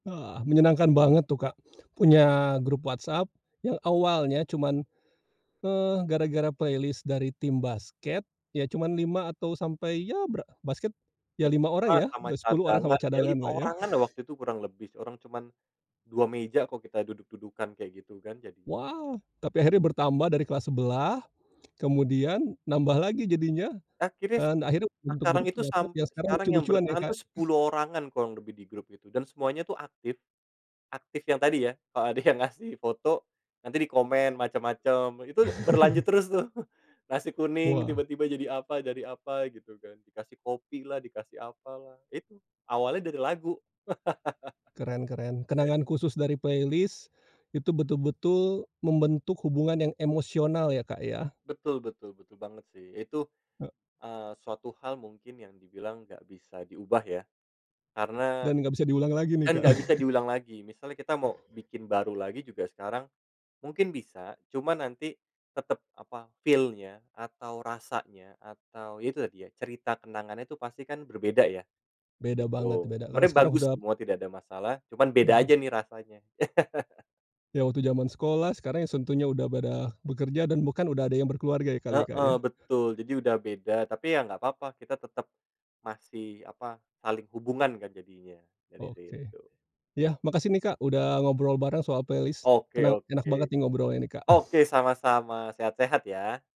Ah, menyenangkan banget tuh, Kak, punya grup WhatsApp yang awalnya cuman, eee, gara-gara playlist dari tim basket ya cuman 5 atau sampai ya bra basket ya Ya, 5 orang 5 ya, sama dah 10 orang sama cadangan, ya 5 cadanganlah ya. oranganlah waktu itu kurang lebih, orang cuman 2 meja kok kita duduk-dudukan kayak gitu kan jadi Wah! Tapi akhirnya bertambah dari kelas sebelah kemudian nambah lagi jadinya Akhirnya dan akhirnya bentuk sekarang grup itu WhatsApp sampai yang sekarang sekarang yang lucu-lucuan ya, bertahan tuh Kak. 10 orangan kurang lebih di grup itu dan semuanya tuh aktif, aktif yang tadi ya. Heeh, kalau ada ngasih foto nanti dikomen macem-macem, itu berlanjut terus tuh, nasi kuning Wah! tiba-tiba jadi apa jadi apa gitu kan dikasih kopilah, dikasih apalah, itu awalnya dari lagu. Keren keren. Kenangan khusus dari playlist itu betul-betul membentuk hubungan yang emosional ya, Kak, ya. Betul betul betul banget sih. Itu, He eee, suatu hal mungkin yang dibilang nggak bisa diubah ya. Karena, Dan nggak bisa diulang lagi nih, kan Kak. nggak bisa diulang lagi. Misalnya, kita mau bikin baru lagi juga sekarang mungkin bisa. Cuma nanti tetep apa, feel-nya atau rasanya atau ya itu tadi ya, cerita kenangannya itu pasti kan berbeda ya, Beda banget, gitu. beda karena Sebenarnya sekarang bagus udah semua tidak ada masalah. Cuman beda Heeh. aja nih rasanya. Ya, waktu zaman sekolah sekarang yang tentunya udah pada bekerja dan bahkan udah ada yang berkeluarga ya kali, Kak, Heeh, ya. betul. Jadi, udah beda tapi ya nggak apa-apa, kita tetep masih, apa, saling hubungan kan jadinya dari Oke. situ. Ya, makasih nih, Kak, udah ngobrol bareng soal playlist, Oke kena enak oke. banget nih ngobrolnya nih, Kak. Oke, sama-sama. Sehat-sehat ya.